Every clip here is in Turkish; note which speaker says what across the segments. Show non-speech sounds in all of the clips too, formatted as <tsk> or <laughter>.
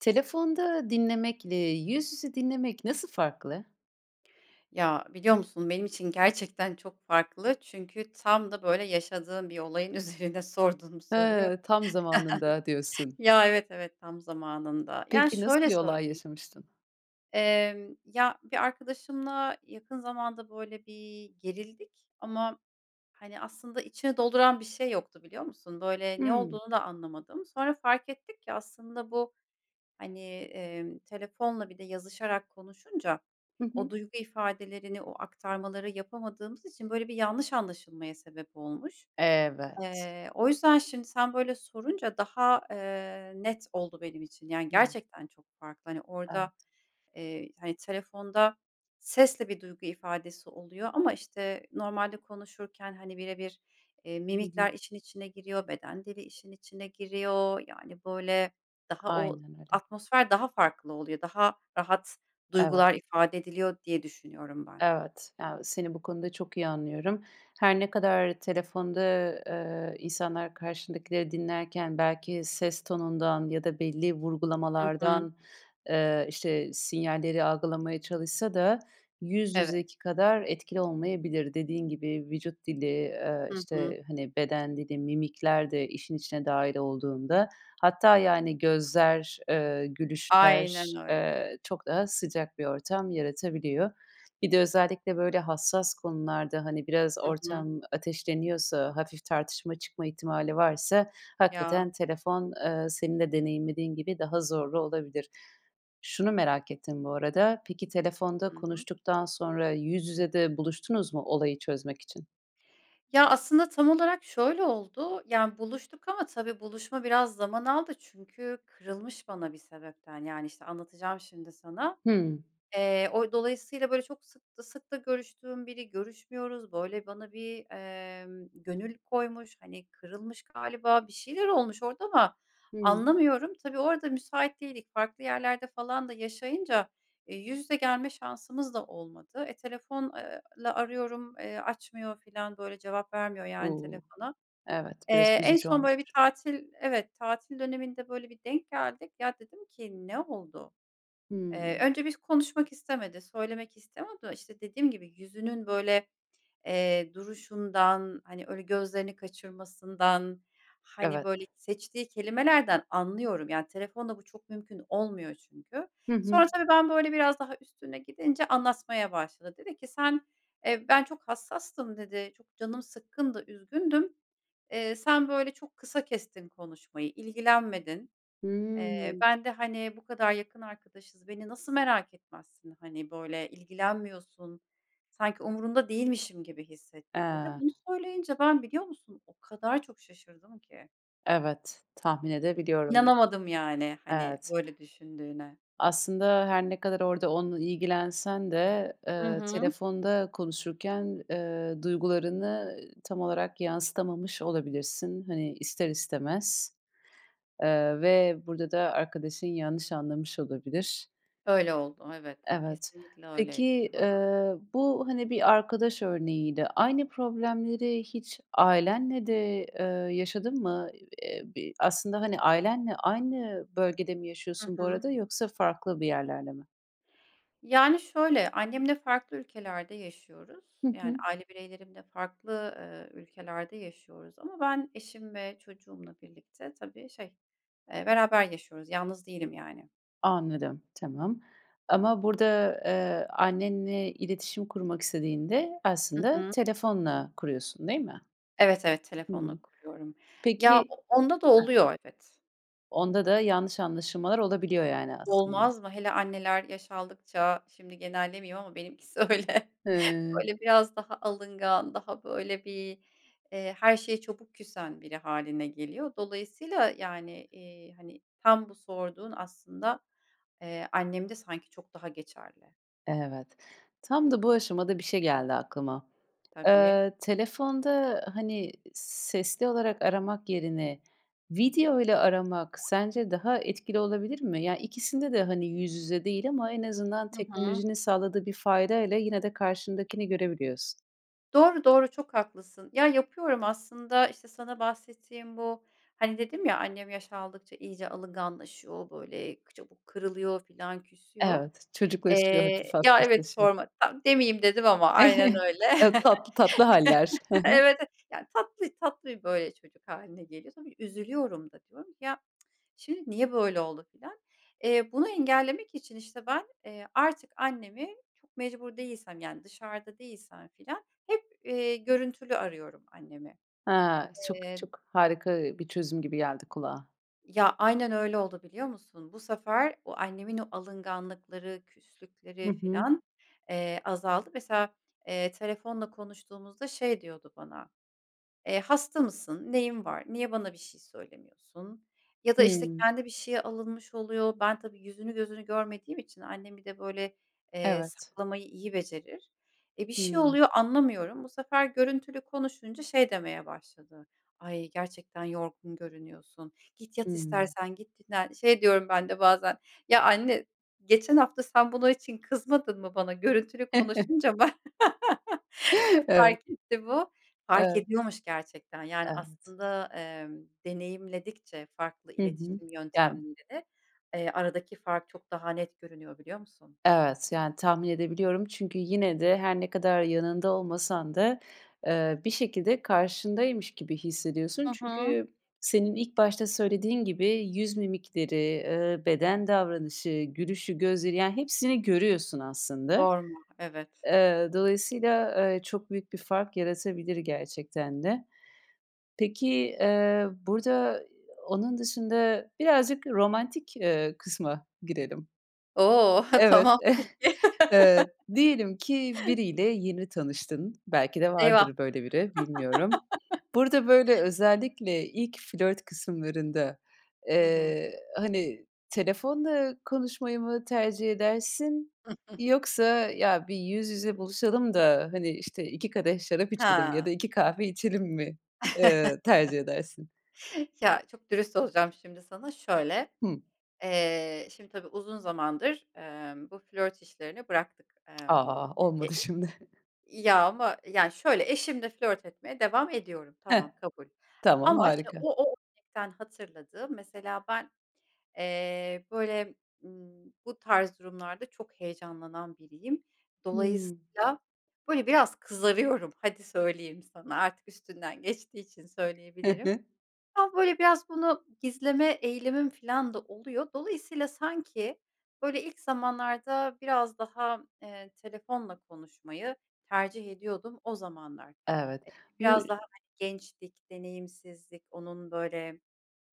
Speaker 1: Telefonda dinlemekle yüz yüze dinlemek nasıl farklı?
Speaker 2: Ya, biliyor musun? Benim için gerçekten çok farklı çünkü tam da böyle yaşadığım bir olayın üzerine sordun bu soruyu.
Speaker 1: Hıı. Tam zamanında
Speaker 2: <chuckles>
Speaker 1: diyorsun.
Speaker 2: Ya, evet, evet, tam zamanında. Yani
Speaker 1: Peki nasıl
Speaker 2: şöyle
Speaker 1: bir olay
Speaker 2: söyleyeyim
Speaker 1: yaşamıştın?
Speaker 2: Emm, ya, bir arkadaşımla yakın zamanda, böyle, bir gerildik ama, hani, aslında içini dolduran bir şey yoktu, biliyor musun? Böyle, ne
Speaker 1: Hıı.
Speaker 2: olduğunu da anlamadım. Sonra fark ettik ki aslında bu, hani, emm, telefonla bir de yazışarak konuşunca
Speaker 1: Hı
Speaker 2: o
Speaker 1: hı.
Speaker 2: duygu ifadelerini, o aktarmaları yapamadığımız için böyle bir yanlış anlaşılmaya sebep olmuş.
Speaker 1: Evet.
Speaker 2: Eee, o yüzden şimdi sen böyle sorunca daha, eee, net oldu benim için. Yani,
Speaker 1: <unintelligible>
Speaker 2: gerçekten çok farklı. Hani,
Speaker 1: Evet.
Speaker 2: orada, eee, hani, telefonda sesle bir duygu ifadesi oluyor ama, işte, normalde konuşurken, hani, bire bir, eee,
Speaker 1: Hı hı.
Speaker 2: mimikler işin içine giriyor, beden dili işin içine giriyor. Yani, böyle, daha o
Speaker 1: Aynen öyle.
Speaker 2: atmosfer daha farklı oluyor. Daha rahat
Speaker 1: Evet.
Speaker 2: duygular ifade ediliyor diye düşünüyorum ben.
Speaker 1: Evet, ya, seni bu konuda çok iyi anlıyorum. Her ne kadar telefonda, eee, insanlar karşındakileri dinlerken belki ses tonundan ya da belli
Speaker 2: Hı hı.
Speaker 1: vurgulamalardan, eee, işte, sinyalleri algılamaya çalışsa da yüz
Speaker 2: Evet.
Speaker 1: yüzeki kadar etkili olmayabilir. Dediğin gibi, vücut dili, eee,
Speaker 2: Hı hı.
Speaker 1: işte, hani, beden dili, mimikler de işin içine dâhil olduğunda hatta, yani, gözler, eee, gülüşler,
Speaker 2: Aynen öyle.
Speaker 1: eee, çok daha sıcak bir ortam yaratabiliyor. Bir de özellikle böyle hassas konularda, hani, biraz
Speaker 2: Hı hı.
Speaker 1: ortam ateşleniyorsa, hafif tartışma çıkma ihtimali varsa
Speaker 2: Ya.
Speaker 1: hakikaten telefon, eee, senin de deneyimlediğin gibi daha zorlu olabilir. Şunu merak ettim bu arada: Peki telefonda
Speaker 2: Hı hı.
Speaker 1: konuştuktan sonra yüz yüze de buluştunuz mu olayı çözmek için?
Speaker 2: Ya, aslında tam olarak şöyle oldu: Yani, buluştuk ama tabii buluşma biraz zaman aldı. Çünkü kırılmış bana bir sebepten, yani, işte, anlatacağım şimdi sana.
Speaker 1: Hıı.
Speaker 2: Eee, o dolayısıyla, böyle, çok sık da sık da görüştüğüm biri görüşmüyoruz, böyle, bana bir, emm, gönül koymuş. Hani, kırılmış galiba, bir şeyler olmuş orada ama
Speaker 1: Hıı.
Speaker 2: anlamıyorum. Tabii, orada müsait değildik. Farklı yerlerde falan da yaşayınca, eee, yüz yüze gelme şansımız da olmadı. E, telefon eee, la arıyorum, eee, açmıyor filan, böyle, cevap vermiyor yani
Speaker 1: Uuu.
Speaker 2: telefona.
Speaker 1: Evet biraz
Speaker 2: Eee, en
Speaker 1: üzücü
Speaker 2: son, böyle, bir
Speaker 1: olmuş.
Speaker 2: tatil Evet, tatil döneminde, böyle, bir denk geldik. Ya, dedim ki, “Ne oldu?” Eee,
Speaker 1: Hıı.
Speaker 2: önce biz konuşmak istemedi, söylemek istemiyor da, işte, dediğim gibi, yüzünün, böyle, eee, duruşundan, hani, öyle gözlerini kaçırmasından, hani,
Speaker 1: Evet.
Speaker 2: böyle, seçtiği kelimelerden anlıyorum. Yani, telefonla bu çok mümkün olmuyor çünkü.
Speaker 1: Hı hı.
Speaker 2: Sonra tabii ben böyle biraz daha üstüne gidince anlatmaya başladı. Dedi ki, “Sen, eee, ben çok hassastım.” dedi, “Çok canım sıkkındı, üzgündüm. Eee, sen, böyle, çok kısa kestin konuşmayı, ilgilenmedin. Eee,
Speaker 1: Hıı.
Speaker 2: ben de, hani, bu kadar yakın arkadaşız, beni nasıl merak etmezsin? Hani, böyle ilgilenmiyorsun, sanki umurunda değilmişim gibi hissettim.” dedi.
Speaker 1: Eee.
Speaker 2: Bunu söyleyince ben, biliyor musun, o kadar çok şaşırdım ki.
Speaker 1: Evet, tahmin edebiliyorum.
Speaker 2: İnanamadım yani. Hani,
Speaker 1: Evet.
Speaker 2: böyle düşündüğüne.
Speaker 1: Aslında her ne kadar orada onunla ilgilensen de,
Speaker 2: Hı
Speaker 1: eee,
Speaker 2: hı.
Speaker 1: telefonda konuşurken, eee, duygularını tam olarak yansıtamamış olabilirsin hani ister istemez. Eee, ve burada da arkadaşın yanlış anlamış olabilir.
Speaker 2: Öyle oldu, evet.
Speaker 1: Evet.
Speaker 2: Kesinlikle öyleydi.
Speaker 1: Peki,
Speaker 2: Hıı.
Speaker 1: ııı, bu hani bir arkadaş örneğiydi aynı problemleri hiç ailenle de, ııı, yaşadın mı? Eee, b aslında, hani, ailenle aynı bölgede mi
Speaker 2: Hı
Speaker 1: yaşıyorsun bu
Speaker 2: hı.
Speaker 1: arada yoksa farklı bir yerlerde mi?
Speaker 2: Yani şöyle: Annemle farklı ülkelerde yaşıyoruz.
Speaker 1: Hı
Speaker 2: Yani
Speaker 1: hı.
Speaker 2: aile bireylerimle farklı, eee, ülkelerde yaşıyoruz ama ben eşim ve çocuğumla birlikte tabii şey, eee, beraber yaşıyoruz; yalnız değilim yani.
Speaker 1: Anladım, tamam. Ama burada, eee, annenle iletişim kurmak istediğinde
Speaker 2: Hı
Speaker 1: aslında
Speaker 2: hı.
Speaker 1: telefonla kuruyorsun değil mi?
Speaker 2: Evet, evet, telefonla
Speaker 1: Hımm.
Speaker 2: kuruyorum. Ya,
Speaker 1: Peki.
Speaker 2: o onda da
Speaker 1: Hıh.
Speaker 2: oluyor evet.
Speaker 1: Onda da yanlış anlaşılmalar olabiliyor yani aslında.
Speaker 2: Olmaz mı? Hele anneler yaş aldıkça şimdi genellemeyeyim ama benimkisi öyle.
Speaker 1: Hıı.
Speaker 2: Böyle biraz daha alıngan daha böyle bir, eee, her şeye çabuk küsen biri hâline geliyor. Dolayısıyla, yani, iii, hani, tam bu sorduğun aslında, eee, annemde sanki çok daha geçerli.
Speaker 1: Evet. Tam da bu aşamada bir şey geldi aklıma.
Speaker 2: Tabii.
Speaker 1: Eee, telefonda, hani, sesli olarak aramak yerine videoyla aramak sence daha etkili olabilir mi? Ya, ikisinde de, hani, yüz yüze değil ama en azından
Speaker 2: Hı hı.
Speaker 1: teknolojinin sağladığı bir faydayla yine de karşındakini görebiliyorsun.
Speaker 2: Doğru, doğru çok haklısın. Ya, yapıyorum aslında işte sana bahsettiğim bu, hani, dedim ya: "Annem yaş aldıkça iyice alınganlaşıyor, böyle, çabuk kırılıyor filan, küsüyor."
Speaker 1: Evet, çocuklaşıyor,
Speaker 2: Eee
Speaker 1: hafif
Speaker 2: Ya, evet,
Speaker 1: hassaslaşıyor.
Speaker 2: sorma. Tam demeyeyim dedim ama aynen
Speaker 1: Evet,
Speaker 2: öyle.
Speaker 1: e
Speaker 2: <laughs>
Speaker 1: tatlı tatlı hâller. Hı hı.
Speaker 2: Evet, eh yani, tatlı tatlı, böyle, çocuk hâline geliyor tabii üzülüyorum da diyorum ki, "Ya, <tsk> şimdi niye böyle oldu?" filan. Eee, bunu engellemek için işte ben, eee, artık annemi çok mecbur değilsem yani dışarıda değilsem filan hep, eee, görüntülü arıyorum annemi.
Speaker 1: Ha, çok
Speaker 2: Eee
Speaker 1: çok harika bir çözüm gibi geldi kulağa.
Speaker 2: Ya, aynen öyle oldu, biliyor musun? Bu sefer o annemin o alınganlıkları,
Speaker 1: Hı
Speaker 2: küslükleri
Speaker 1: hı.
Speaker 2: filan, eee, azaldı. Mesela, eee, telefonla konuştuğumuzda şey diyordu bana, eee, "Hasta mısın? Neyin var? Niye bana bir şey söylemiyorsun?" Ya da, işte,
Speaker 1: Hıı.
Speaker 2: kendi bir şeye alınmış oluyor. Ben tabii yüzünü, gözünü görmediğim için annem bir de böyle, eee,
Speaker 1: Evet.
Speaker 2: saklamayı iyi becerir. E, bir şey
Speaker 1: Hıı.
Speaker 2: oluyor anlamıyorum. Bu sefer görüntülü konuşunca şey demeye başladı: "Ay, gerçekten yorgun görünüyorsun. Git, yat
Speaker 1: Hıı.
Speaker 2: istersen, git dinlen." Şey diyoryum ben de bazen, "Ya, anne geçen hafta sen bunun için kızmadın mı bana?" Görüntülü
Speaker 1: <chuckles>
Speaker 2: konuşunca bana <laughs>
Speaker 1: Evet.
Speaker 2: fark etti bu. Fark
Speaker 1: Evet.
Speaker 2: ediyormuş gerçekten, yani,
Speaker 1: Evet.
Speaker 2: aslında, ımm deneyimledikçe farklı
Speaker 1: Hı hı,
Speaker 2: iletişim
Speaker 1: yani.
Speaker 2: yöntemlerini, ııı, aradaki fark çok daha net görünüyor, biliyor musun?
Speaker 1: Evet, yani, tahmin edebiliyorum çünkü yine de her ne kadar yanında olmasan da, ııı, bir şekilde karşındaymış gibi hissediyorsun.
Speaker 2: Hı hı.
Speaker 1: Çünkü senin ilk başta söylediğin gibi yüz mimikleri, ııı, beden davranışı, gülüşü, gözleri; yani hepsini görüyorsun aslında.
Speaker 2: Sorma, evet.
Speaker 1: Iıı, dolayısıyla, eee, çok büyük bir fark yaratabilir gerçekten de. Peki, eee, burada <unintelligible> onun dışında birazcık romantik, ııı, kısma girelim.
Speaker 2: Oh! <chuckles>
Speaker 1: Evet,
Speaker 2: Tamam,
Speaker 1: <chuckles>
Speaker 2: peki.
Speaker 1: ııı,
Speaker 2: <chuckles>
Speaker 1: diyelim ki biriyle yeni tanıştın. Belki de
Speaker 2: Eyvah!
Speaker 1: vardır böyle biri, bilmiyorum. Burada böyle
Speaker 2: <chuckles>
Speaker 1: özellikle ilk flört kısımlarında,
Speaker 2: Hı hı.
Speaker 1: ııı, hani, telefonla konuşmayı mı tercih edersin
Speaker 2: <chuckles>
Speaker 1: yoksa ya bir yüz yüze buluşalım da, hani, işte, 2 kadeh şarap içelim ya da
Speaker 2: Ha!
Speaker 1: 2 kahve içelim mi, ııı, tercih
Speaker 2: <chuckles>
Speaker 1: edersin?
Speaker 2: Ya, çok dürüst olacağım şimdi sana. Şöyle:
Speaker 1: Hı.
Speaker 2: Eee, şimdi tabii uzun zamandır, ımm, bu flört işlerini bıraktık.
Speaker 1: <tsk>
Speaker 2: Imm,
Speaker 1: A,
Speaker 2: e
Speaker 1: olmadı şimdi.
Speaker 2: Ya ama, yani, şöyle: Eşimle flört etmeye devam ediyorum. Tamam,
Speaker 1: Hah,
Speaker 2: kabul
Speaker 1: tamam,
Speaker 2: ama, işte,
Speaker 1: harika.
Speaker 2: o o <unintelligible> hatırladığım, mesela ben, eee, böyle, ımm, bu tarz durumlarda çok heyecanlanan biriyim.
Speaker 1: Hıı.
Speaker 2: Dolayısıyla, böyle, biraz kızarıyorum. Hadi söyleyeyim sana, artık üstünden geçtiği için
Speaker 1: Hı
Speaker 2: söyleyebilirim.
Speaker 1: hı.
Speaker 2: Ama, böyle, biraz bunu gizleme eğilimim filan da oluyor. Dolayısıyla sanki böyle ilk zamanlarda biraz daha, ııı, telefonla konuşmayı tercih ediyordum o zamanlar.
Speaker 1: Evet.
Speaker 2: E,
Speaker 1: Bu
Speaker 2: biraz daha, hani, gençtik, deneyimsizdik, onun böyle,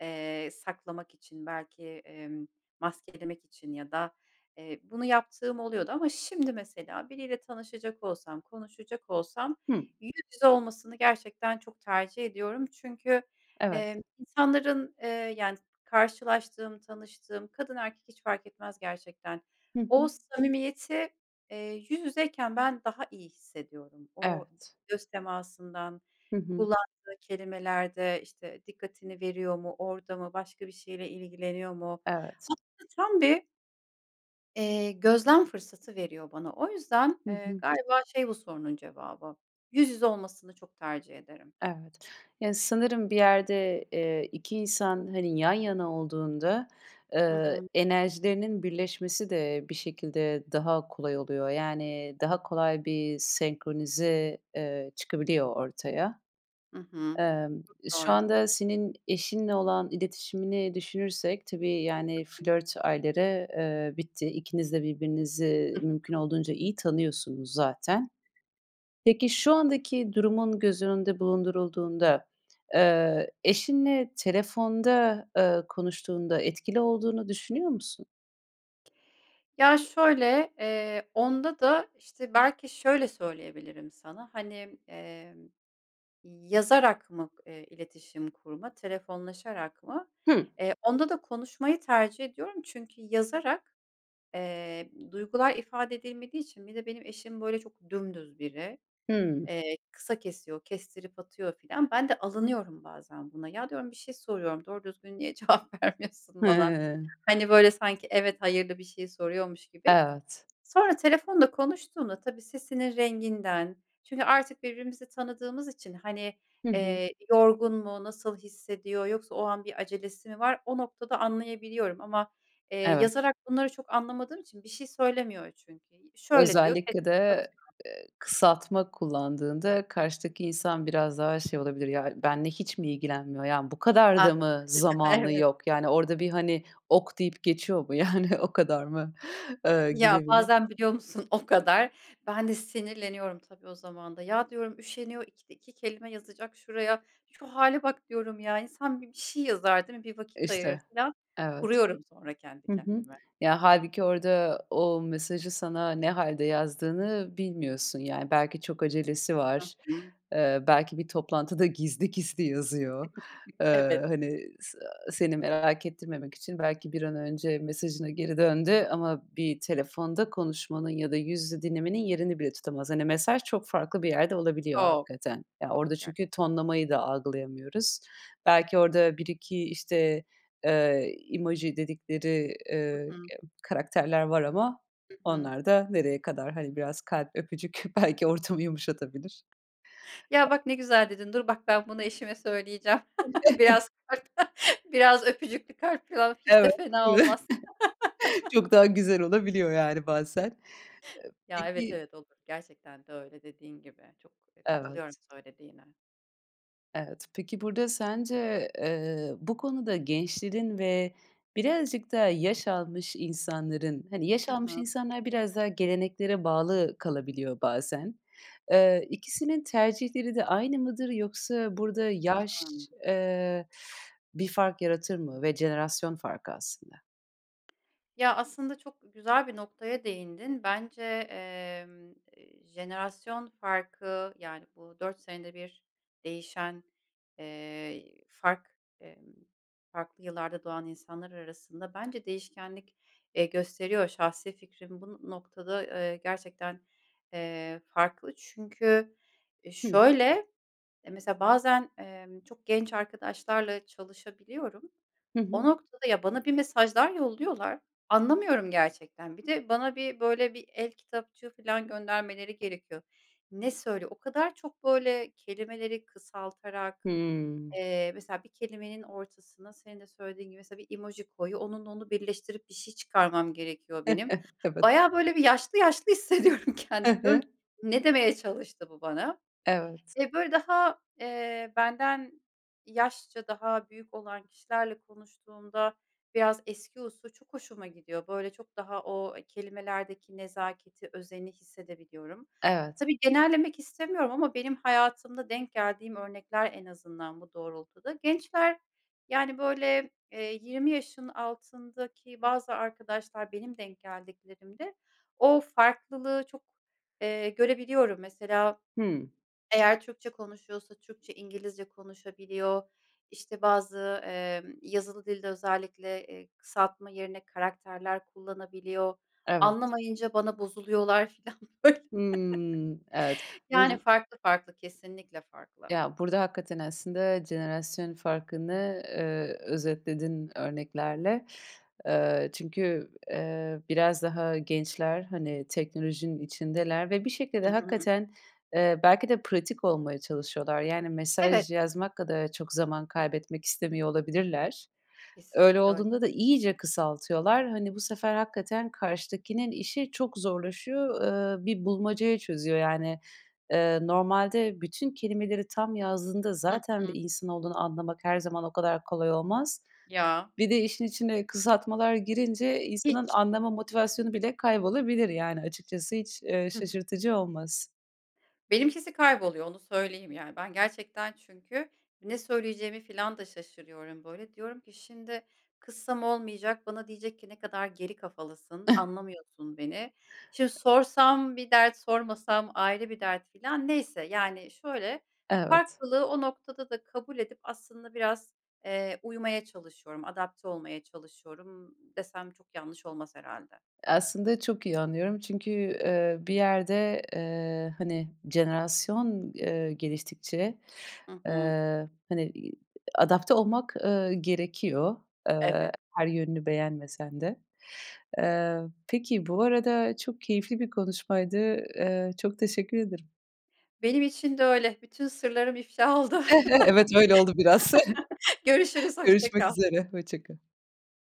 Speaker 2: eee, saklamak için belki, emm, maskelemek için ya da, eee, bunu yaptığım oluyordu ama şimdi mesela biriyle tanışacak olsam, konuşacak olsam
Speaker 1: Hıı.
Speaker 2: yüz yüze olmasını gerçekten çok tercih ediyorum. Çünkü,
Speaker 1: Evet.
Speaker 2: eee, insanların, ııı, yani karşılaştığım, tanıştığım kadın erkek hiç fark etmez gerçekten.
Speaker 1: Hı
Speaker 2: O
Speaker 1: hı.
Speaker 2: samimiyeti, eee, yüz yüzeyken ben daha iyi hissediyorum. O
Speaker 1: Evet.
Speaker 2: göz temasından
Speaker 1: Hı hı.
Speaker 2: kullandığı kelimelerde, işte, dikkatini veriyor mu, orada mı, başka bir şeyle ilgileniyor mu?
Speaker 1: Evet.
Speaker 2: Aslında tam bir eee, gözlem fırsatı veriyor bana. O yüzden,
Speaker 1: Hı
Speaker 2: ııı,
Speaker 1: hı.
Speaker 2: galiba şey bu sorunun cevabı: Yüz yüze olmasını çok tercih ederim.
Speaker 1: Evet. Yani sanırım bir yerde, eee, 2 insan, hani, yan yana olduğunda,
Speaker 2: Hı
Speaker 1: ııı,
Speaker 2: hı.
Speaker 1: enerjilerinin birleşmesi de bir şekilde daha kolay oluyor. Yani daha kolay bir senkronize, eee, çıkabiliyor ortaya.
Speaker 2: Hı hı.
Speaker 1: Imm, şu
Speaker 2: Doğru.
Speaker 1: anda senin eşinle olan iletişimini düşünürsek tabii, yani, flört ayları, ııı, bitti. İkiniz de birbirinizi
Speaker 2: <unintelligible>
Speaker 1: mümkün olduğunca iyi tanıyorsunuz zaten. Peki şu andaki durumun göz önünde bulundurulduğunda, ııı, eşinle telefonda, ııı, konuştuğunda etkili olduğunu düşünüyor musun?
Speaker 2: Ya, şöyle: Eee, onda da, işte, belki şöyle söyleyebilirim sana, hani, emm, yazarak mı, eee, iletişim kurma, telefonlaşarak mı?
Speaker 1: Hı.
Speaker 2: Eee, onda da konuşmayı tercih ediyorum. Çünkü yazarak, eee, duygular ifade edilmediği için bir de benim eşim, böyle, çok dümdüz biri.
Speaker 1: Hımm.
Speaker 2: Eee, kısa kesiyor, kestirip atıyor filan. Ben de alınıyorum bazen buna. Ya, diyorum, bir şey soruyorum, doğru düzgün niye cevap vermiyorsun bana?
Speaker 1: Hıı.
Speaker 2: Hani, böyle sanki "evet, hayır"lı bir şey soruyormuş gibi.
Speaker 1: Evet.
Speaker 2: Sonra telefonda konuştuğunda tabii sesinin renginden çünkü artık birbirimizi tanıdığımız için, hani,
Speaker 1: Hı hı.
Speaker 2: eee, yorgun mu, nasıl hissediyor, yoksa o an bir acelesi mi var, o noktada anlayabiliyorum. Ama, eee,
Speaker 1: Evet.
Speaker 2: yazarak bunları çok anlamadığım için bir şey söylemiyor çünkü. "Şöyle" diyor.
Speaker 1: Özellikle
Speaker 2: Kestirip
Speaker 1: de,
Speaker 2: atıyor.
Speaker 1: eee, kısaltma kullandığında karşıdaki insan biraz daha şey olabilir. “Ya, benimle hiç mi ilgilenmiyor? Yani, bu kadar
Speaker 2: Hah,
Speaker 1: da mı
Speaker 2: <chuckles>
Speaker 1: zamanı
Speaker 2: evet.
Speaker 1: yok? Yani, orada bir, hani, 'OK' deyip geçiyor mu? Yani, o kadar mı?” ııı,
Speaker 2: Ya,
Speaker 1: gibi bile
Speaker 2: bazen biliyor musun o kadar? Ben de sinirleniyorum, tabii, o zaman da. Ya, diyorum, "Üşeniyor, ikide iki kelime yazacak şuraya. Şu hâle bak!" diyorum ya. "İnsan bir, bir şey yazar değil mi? Bir vakit
Speaker 1: İşte.
Speaker 2: ayırır." filan.
Speaker 1: Evet.
Speaker 2: Kuruyorum sonra kendi
Speaker 1: Hı hı.
Speaker 2: kendime.
Speaker 1: Ya, hâlbuki orada o mesajı sana ne hâlde yazdığını bilmiyorsun, yani. Belki çok acelesi
Speaker 2: Hı
Speaker 1: var.
Speaker 2: hı.
Speaker 1: Eee, belki bir toplantıda gizli gizli yazıyor.
Speaker 2: <chuckles> Evet.
Speaker 1: Iıı, hani, s seni merak ettirmemek için belki bir an önce mesajına geri döndü ama bir telefonda konuşmanın ya da yüz yüze dinlemenin yerini bile tutamaz. Hani, mesaj çok farklı bir yerde olabiliyor
Speaker 2: Çok,
Speaker 1: hakikaten. Ya,
Speaker 2: çok.
Speaker 1: orada çünkü
Speaker 2: Gerçekten.
Speaker 1: tonlamayı da algılayamıyoruz. Belki orada 1-2, işte, eee, emoji dedikleri, ııı,
Speaker 2: Hı hı.
Speaker 1: ya karakterler var ama
Speaker 2: Hı hı.
Speaker 1: onlar da nereye kadar? Hani, biraz kalp, öpücük belki ortamı yumuşatabilir. E
Speaker 2: Ya, bak! Ne güzel dedin. Dur bak, ben bunu eşime söyleyeceğim. <chuckles>
Speaker 1: <chuckles>
Speaker 2: Biraz kalp biraz öpücüklü kalp falan hiç
Speaker 1: Evet,
Speaker 2: de fena
Speaker 1: değil mi?
Speaker 2: olmaz.
Speaker 1: <chuckles>
Speaker 2: <chuckles>
Speaker 1: Çok daha güzel olabiliyor, yani, bazen. Iıı,
Speaker 2: Ya, evet,
Speaker 1: peki
Speaker 2: evet, olur. Gerçekten de öyle dediğin gibi. Çok, eee, katılıyorum
Speaker 1: Evet.
Speaker 2: söylediğine.
Speaker 1: Evet. Peki, burada sence, eee, bu konuda gençlerin ve birazcık daha yaş almış insanların hani, yaş
Speaker 2: Hı
Speaker 1: almış
Speaker 2: hı.
Speaker 1: insanlar biraz daha geleneklere bağlı kalabiliyor bazen. Eee, ikisinin tercihleri de aynı mıdır? Yoksa burada yaş,
Speaker 2: Hımm.
Speaker 1: eee, bir fark yaratır mı ve jenerasyon farkı aslında?
Speaker 2: Ya, aslında çok güzel bir noktaya değindin. Bence, eee, jenerasyon farkı, yani, bu 4 senede bir değişen, eee, fark eee, farklı yıllarda doğan insanlar arasında bence değişkenlik, eee, gösteriyor. Şahsi fikrim bu noktada, eee, gerçekten, eee, farklı. Çünkü
Speaker 1: Hımm.
Speaker 2: şöyle, eee, mesela bazen, eee, çok genç arkadaşlarla çalışabiliyorum.
Speaker 1: Hı
Speaker 2: O
Speaker 1: hı.
Speaker 2: noktada Ya, bana bir mesajlar yolluyorlar, anlamıyorum gerçekten. Bir de, bana bir, böyle bir el kitapçığı filan göndermeleri gerekiyor. Ne söyle O kadar çok, böyle, kelimeleri kısaltarak,
Speaker 1: Hımm.
Speaker 2: eee, mesela bir kelimenin ortasına, senin de söylediğin gibi mesela bir emoji koyuyor, onunla onu birleştirip bir şey çıkarmam gerekiyor benim.
Speaker 1: <chuckles> Evet.
Speaker 2: Bayağı böyle bir yaşlı yaşlı hissediyorum
Speaker 1: Hı
Speaker 2: kendimi. Diyorum
Speaker 1: hı.
Speaker 2: ki, "Ne demeye çalıştı bu bana?"
Speaker 1: Evet.
Speaker 2: Eee, böyle, daha, eee, benden yaşça daha büyük olan kişilerle konuştuğumda biraz eski usul çok hoşuma gidiyor. Böyle, çok daha o kelimelerdeki nezaketi, özeni hissedebiliyorum.
Speaker 1: Evet.
Speaker 2: Tabii, genellemek istemiyorum ama benim hayatımda denk geldiğim örnekler, en azından, bu doğrultuda. Gençler, yani, böyle, eee, 20 yaşın altındaki bazı arkadaşlar, benim denk geldiklerimde o farklılığı çok, eee, görebiliyorum. Mesela
Speaker 1: Hımm.
Speaker 2: eğer Türkçe konuşuyorsa, Türkçe-İngilizce konuşabiliyor. İşte bazı, eee, yazılı dilde özellikle, eee, kısaltma yerine karakterler kullanabiliyor.
Speaker 1: Evet.
Speaker 2: Anlamayınca bana bozuluyorlar filan böyle.
Speaker 1: Hımm. Evet.
Speaker 2: <chuckles>
Speaker 1: Vuz
Speaker 2: Yani farklı farklı, kesinlikle farklı.
Speaker 1: Ya, burada hakikaten aslında jenerasyon farkını, eee, özetledin örneklerle. Eee, çünkü, eee, biraz daha gençler, hani, teknolojinin içindeler ve bir şekilde,
Speaker 2: Hı hı.
Speaker 1: hakikaten, eee, belki de pratik olmaya çalışıyorlar. Yani
Speaker 2: Evet.
Speaker 1: mesaj yazmak kadar çok zaman kaybetmek istemiyor olabilirler. Öyle
Speaker 2: Kesinlikle öyle.
Speaker 1: olduğunda da iyice kısaltıyorlar. Hani, bu sefer hakikaten karşıdakinin işi çok zorlaşıyor. Eee, bir bulmacayı çözüyor yani. Eee, normalde bütün kelimeleri tam yazdığında
Speaker 2: Hı
Speaker 1: zaten bir
Speaker 2: hı.
Speaker 1: insan olduğunu anlamak her zaman o kadar kolay olmaz.
Speaker 2: Ya.
Speaker 1: Bir de işin içine kısaltmalar girince insanın
Speaker 2: Hiç.
Speaker 1: anlama motivasyonu bile kaybolabilir yani. Açıkçası, hiç, eee,
Speaker 2: Hı hı.
Speaker 1: şaşırtıcı olmaz.
Speaker 2: Benimkisi kayboluyor, onu söyleyeyim yani. Ben gerçekten çünkü ne söyleyeceğimi filan da şaşırıyorum böyle. Diyorum ki: "Şimdi kızsam olmayacak, bana diyecek ki, 'Ne kadar geri kafalısın,
Speaker 1: <chuckles>
Speaker 2: anlamıyorsun beni.' Şimdi
Speaker 1: E
Speaker 2: sorsam bir dert, sormasam ayrı bir dert." filan. Neyse, yani, şöyle,
Speaker 1: Evet.
Speaker 2: farklılığı o noktada da kabul edip aslında biraz, eee, uymaya çalışıyorum, adapte olmaya çalışıyorum, ımm, desem çok yanlış olmaz herhâlde.
Speaker 1: Aslında çok iyi anlıyorum çünkü, eee, bir yerde, eee, hani, jenerasyon, eee, geliştikçe.
Speaker 2: Hı hı.
Speaker 1: Eee, hani, iii, adapte olmak, eee, gerekiyor. Eee,
Speaker 2: Evet.
Speaker 1: her yönünü beğenmesen de. Eee, peki. Bu arada çok keyifli bir konuşmaydı. Eee, çok teşekkür ederim.
Speaker 2: Benim için de öyle, bütün sırlarım iflah oldu.
Speaker 1: <chuckles> Evet, öyle oldu biraz. <chuckles>
Speaker 2: <chuckles> Görüşürüz, hoşça
Speaker 1: Görüşmek
Speaker 2: kal.
Speaker 1: üzere, hoşça kal.